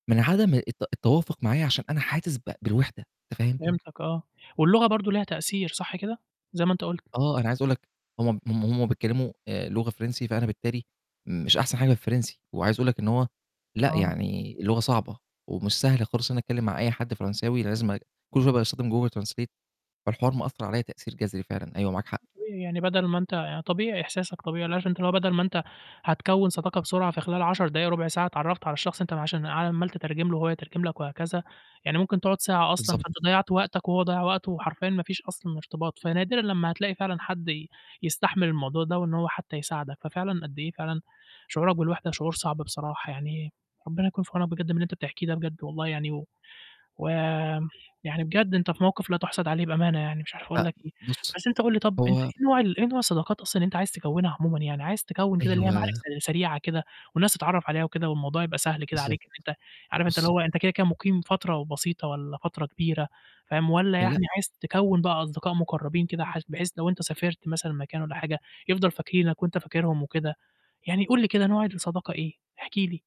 من عدم الت التوافق معايا عشان أنا حاسس ب بالوحدة. أنت فاهم؟ فهمتَك آه، واللغة برضو ليها تأثير صح كده؟ زي ما أنت قُلت. آه، أنا عايز أقول لَك هُم هُم هم بيتكلموا آآ لغة فرنسي، فأنا بالتالي مش أحسن حاجة في الفرنسي، وعايز أقول لَك إن هو لأ، آه. يعني اللغة صعبة، ومش سهل خااص إن أنا أتكلم مع أي حدّ فرنساوي لازم أج كل شوية باستخدم google translate والحوار مأثّر عليَّ تأثّير جذري فعلًا، أيوه معاك حق. وإيه يعني بدل ما أنت يعني طبيعي إحساسك طبيعي، اللي هو عشان أنت اللي هو بدل ما أنت هتكوّن صداقة بسرعة في خلال 10 دقايق، ربع ساعة اتعرفت على الشخص أنت عشان عمّال تترجم له وهو يترجم لَك وهكذا، يعني ممكن تقعد ساعة أصلًا، بالضبط. فأنت ضيعت وقتك وهو ضيّع وقته وحرفيًا ما فيش أصلًا ارتباط، فنادرًا لمّا هتلاقي فعلًا حدّ ي يستحمل الموضوع ده وإن هو حتى يساعدك، ففعلًا قد إيه فعلًا شعورك بالوحدة شعور صعب بصراحة يعني ربنا يكون في عونك بجد من اللي أنت بتحكيه ده بجد والله يعني و ويعني بجد أنت في موقف لا تُحسد عليه بأمانة يعني مش عارف أقول لأ، لَك إيه. بُصّ بس أنت قُل لي طَب أنت هو إيه نوع ال إيه نوع الصداقات أصلًا اللي أنت عايز تكوّنها عمومًا يعني؟ عايز تكوّن كده اللي هي معارف أيوه. س سريعة كده، والناس تتعرف عليها وكده والموضوع يبقى سهل كده بالضبط، عليك إن أنت عارف أنت اللي بُص هو أنت كده، كده مُقيم فترة وبسيطة والَّا فترة كبيرة. فاهم، والَّا لأ. يعني عايز تكوّن بقى أصدقاء مُقربين كده حث بحيث لو أنت سافرت مثلًا مكان والَّا حاجة، يفضل فاكرينّك وأنت فاكِرهُم وكده يعني قُل لي كده، نوع الصداقة إيه؟ احكِ لي.